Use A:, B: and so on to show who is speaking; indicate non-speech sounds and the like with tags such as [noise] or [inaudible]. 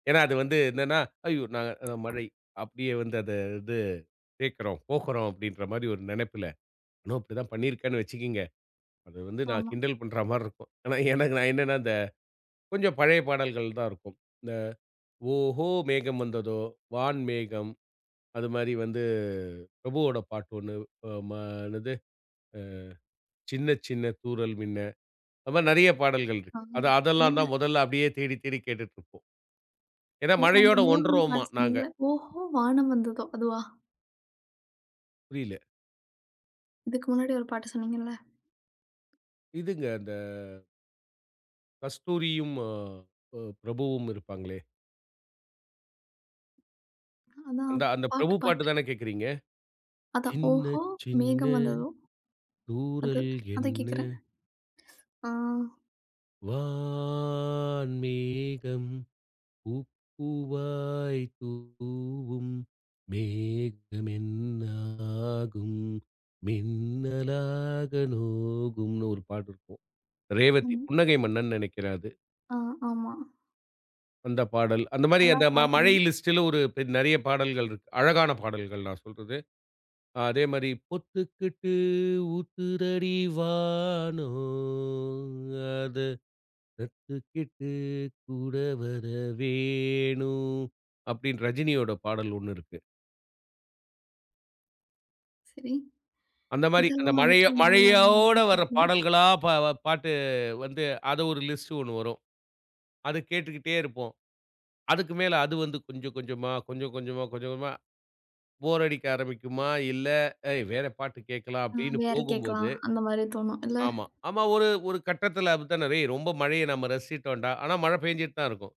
A: ஏன்னா அது வந்து. என்னான்னா, ஐயோ! நான் அது மழை அப்படியே வந்து அதை இது கேக்கறோம், போகறோம் அப்படின்ற மாரி ஒரு நெனைப்புல. நானும் அப்டி தான் பண்ணி இருக்கேன்னு வச்சுக்குங்க. அது வந்து நான்
B: ஆமா.
A: கிண்டல் பண்றா மாரி இருக்கும். ஆனா எனக்கு, நான் என்னான்னா இந்த, கொஞ்சம் பழைய பாடல்கள் தான் இருக்கும். இந்த, "ஓஹோ. மேகம் வந்ததோ", "வான் மேகம்" அது மாரி வந்து, அ பிரபுவோட பாட்டு ஒண்ணு அ மா என்னது? அ "சின்ன சின்ன தூறல் மின்ன" அது மாரி நெறைய பாடல்கள்
B: ஆ
A: இருக்கு. அது அதெல்லாம்
B: இல்ல.
A: தான். மொதல்ல அப்படியே தேடி தேடி கேட்டுட்ருப்போம். ஏன்னா
B: அந்த
A: மழையோட
B: முதன் மு
A: ஒன்றுரோம்மா!
B: பாட்டு
A: நாங்க.
B: சொன்னீங்களே! "ஓஹோ வானம் வந்ததோ" அதுவா?
A: புரியல.
B: இதுக்கு முன்னாடி ஒரு பாட்டு சொன்னீங்க இல்ல?
A: இதுங்க அந்த கஸ்தூரியும் அ பிரபுவும் இருப்பாங்களே!
B: அதான்
A: அந்த அந்த
B: பாட்டு,
A: பிரபு பாட்டு
B: பாட்டு.
A: தானா கேக்குறீங்க.
B: அதான்,
A: "சின்ன
B: "ஓஹோ
A: சின்ன
B: மேகம் வந்ததோ" அது.
A: தூறல்
B: அதக்
A: என்ன?"
B: கேக்குறேன். அ.
A: "வான்மேகம் பூப் பூவாய் தூவும். மேகம் என்ன ஆகும்? மின்னலாக நோகும்ன்னு" ஒரு பாட்டு இருக்கும்.
B: ஆ.
A: ரேவதி புன்னகை மன்னன் நெனைக்கிறேன் அது.
B: அ. ஆமா.
A: அந்தப் பாடல் அந்த மாரி
B: நல்லா
A: அந்த ம மழை
B: பாடுறீங்க.
A: லிஸ்டுல ஒரு பெ நெறையா பாடல்கள் இருக்கு. அழகான பாடல்கள். நான் சொல்றது. அதே மாரி, "பொத்துக்கிட்டு ஊத்துதடி வானம் அத கத்துகக்கிட்டு கூட வர வேணும்" அப்டின்னு ரஜினியோட பாடல் ஒண்ணு இருக்கு.
B: சரி
A: அந்த மாரி அந்த
B: இதெல்லாம்
A: மழையா
B: வந்துட்டு,
A: மழையோட வர்ற
B: [unintelligible]
A: பாடல்களா? பா பாட்டு வந்து, அது ஒரு லிஸ்டு ஒண்ணு வரும். அத கேட்டுக்கிட்டே இருப்போம். அதுக்கு மேல அது வந்து, கொஞ்சம் கொஞ்சமா, கொஞ்சம் கொஞ்சமா, கொஞ்சம் கொஞ்சமா, போர் அடிக்க ஆரம்பிக்குமா, இல்ல அ "வேற பாட்டு கேக்கலாம்"
B: அ
A: அப்டின்னு
B: வேற
A: போகும்போது
B: கேக்கலாம். அந்த மாரி தோணும், இல்ல?
A: ஆமா. ஆமா. ஒரு ஒரு கட்டத்துல அப்டித்தானே ரே ரொம்ப மழைய நம்ம ரசிச்சுட்டோம்டா! ஆனா மழை பெய்ஞ்சுட்டு தான் இருக்கும்.